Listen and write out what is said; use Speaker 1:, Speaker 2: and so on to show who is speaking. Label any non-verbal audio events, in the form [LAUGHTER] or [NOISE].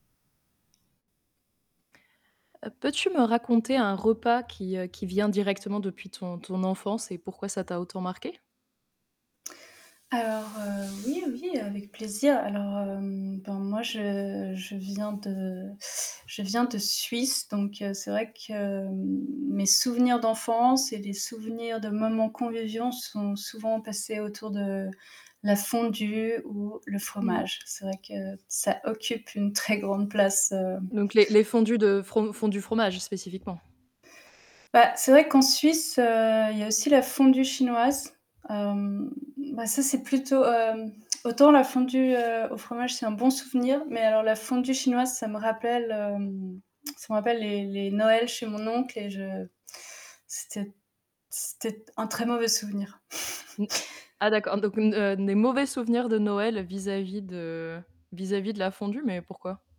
Speaker 1: Heu, peux-tu me raconter un repas qui, heu, qui vient directement depuis ton ton enfance et pourquoi ça t'a autant marqué?
Speaker 2: Alors, heu, oui oui, heu, avec plaisir. Alors, hem, bah moi je je viens de je viens de Suisse, donc c'est vrai que m mes souvenirs d'enfance et les souvenirs de moments conviviaux sont souvent passés autour de, la fondue, ou le
Speaker 1: Mmh.
Speaker 2: fromage. C'est vrai que ça occupe une très grande place, heu
Speaker 1: Donc les les fondus de fro fondus fromage spécifiquement.
Speaker 2: Bah c'est vrai qu'en Suisse, heu, il y a aussi la fondue chinoise. Hem, bah ça c'est plutôt, hem, autant la fondue, heu, au fromage, c'est un bon souvenir, mais alors la fondue chinoise, ça me rappelle, hem, ça me rappelle les les Noëls chez mon oncle et je [INHALES] c'était c'était un très mauvais souvenir.
Speaker 1: Mmh.
Speaker 2: [CHUCKLES]
Speaker 1: Ah d'accord, donc des, heu, des mauvais souvenirs de Noël, vis-à-vis de vis-à-vis de la fondue, mais pourquoi?